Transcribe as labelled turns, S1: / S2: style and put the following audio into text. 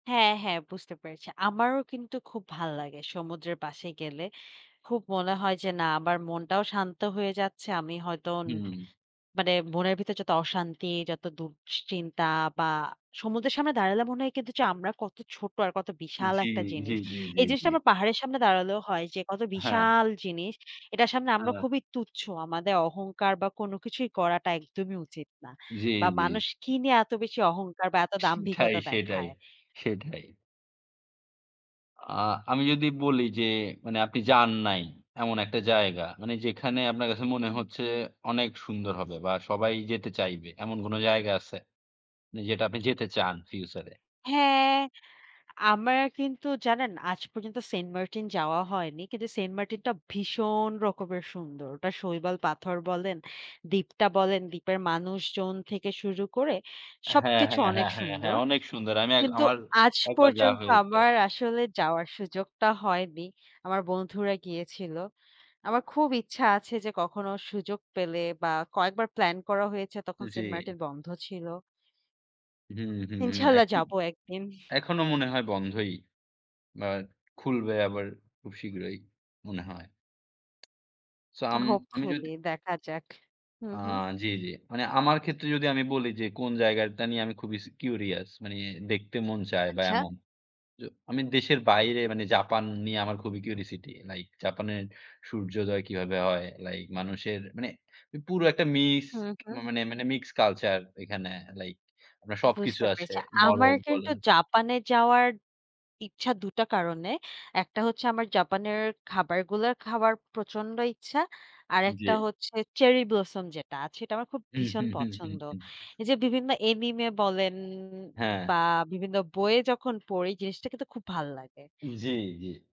S1: হ্যাঁ, হ্যাঁ, বুঝতে পেরেছি। আমারও কিন্তু খুব
S2: উ
S1: ভাল্লাগে সমুদ্রের পাশে গেলে খুব মনে হয় যে না আমার মনটাও শান্ত হয়ে যাচ্ছে। আমি হয়তো ন
S2: হুম।
S1: মানে মনের ভিতর যত অশান্তি যত দুশ্চিন্তা বা সমুদ্রের সামনে দাঁড়ালে মনে হয় যে কিন্তু আমরা কত ছোট আর কত
S2: জি।
S1: বিশাল
S2: জি,
S1: একটা জিনিস।
S2: জি, জি,
S1: এই জিনিসটা
S2: জি।
S1: আমার পাহাড়ের সামনে দাঁড়ালেও হয় যে কত
S2: হ্যাঁ।
S1: বিশাল জিনিস এটার সামনে আমরা
S2: হ্যাঁ।
S1: খুবই তুচ্ছ। আমাদের অহংকার বা কোনো কিছুই করাটা একদমই উচিত না।
S2: জি,
S1: বা
S2: জি।
S1: মানুষ কি নিয়ে এত বেশি অহংকার বা এত
S2: সেটাই,
S1: দাম্ভিকতা
S2: সেটাই,
S1: দেখায়?
S2: সেটাই। আ আমি যদি বলি যে মানে আপনি যান নাই এমন একটা জায়গা মানে যেখানে আপনার কাছে মনে
S1: উম
S2: হচ্ছে অনেক সুন্দর হবে বা সবাই যেতে চাইবে। এমন কোনো জায়গা আছে? যেটা আপনি যেতে চান ফিউচারে?
S1: হ্যাঁ আমরা কিন্তু জানেন আজ পর্যন্ত সেন্টমার্টিন যাওয়া হয়নি কিন্তু সেন্টমার্টিন টা ভীষণ রকমের সুন্দর। ওটা শৈবাল পাথর বলেন, দ্বীপটা বলেন দ্বীপের মানুষজন থেকে শুরু করে
S2: হ্যাঁ,
S1: সবকিছু
S2: হ্যাঁ,
S1: অনেক
S2: হ্যাঁ, হ্যাঁ, হ্যাঁ,
S1: সুন্দর।
S2: অনেক সুন্দর। আমি এক
S1: কিন্তু
S2: আমার
S1: আজ
S2: একবার যাওয়া
S1: পর্যন্ত
S2: হয়েছে।
S1: আমার আসলে যাওয়ার সুযোগটা হয়নি। আমার বন্ধুরা গিয়েছিল। আমার খুব ইচ্ছা আছে যে কখনো সুযোগ পেলে বা কয়েকবার প্লান করা হয়েছে তখন
S2: জি।
S1: সেন্টমার্টিন বন্ধ ছিল।
S2: হুম, হুম, হুম,
S1: ইনশাল্লাহ
S2: এখন?
S1: যাব একদিন।
S2: এখনো মনে হয় বন্ধই। বা খুলবে আবার খুব শীঘ্রই মনে হয়। সো আম আমি
S1: হোপফুলি
S2: যদি
S1: দেখা যাক। হু,
S2: আ
S1: হু।
S2: জি, জি। মানে আমার ক্ষেত্রে যদি আমি বলি যে কোন জায়গায়টা নিয়ে আমি খুবই স কিউরিয়াস মানি দেখতে মন চায় বা
S1: আচ্ছা।
S2: এমন। জ আমি দেশের বাইরে মানে জাপান নিয়ে আমার খুবই কিউরিওসিটি লাইক জাপানের সূর্যোদয় কিভাবে হয়, লাইক মানুষের মানে পুরো একটা
S1: হু,
S2: মিক্সড
S1: হু।
S2: মানে মানে মিক্সড কালচার ঐখানে লাইক আপনার সবকিছু
S1: বুঝতে
S2: আছে।
S1: পেরেছি।
S2: বড়
S1: আমার কিন্তু
S2: বলেন
S1: জাপানে যাওয়ার ইচ্ছা ২ টা কারণে। একটা হচ্ছে আমার জাপানের খাবারগুলা খাবার প্রচন্ড ইচ্ছা। আরেকটা
S2: জি।
S1: হচ্ছে চেরি ব্লসম যেটা আছে সেটা আমার খুব
S2: উ হু,
S1: ভীষণ
S2: হু, হু,
S1: পছন্দ।
S2: হুম।
S1: এই যে বিভিন্ন Anime বলেন
S2: হ্যাঁ।
S1: বা বিভিন্ন বইয়ে যখন পড়ি জিনিসটা কিন্তু খুব ভাল্লাগে।
S2: জি, জি।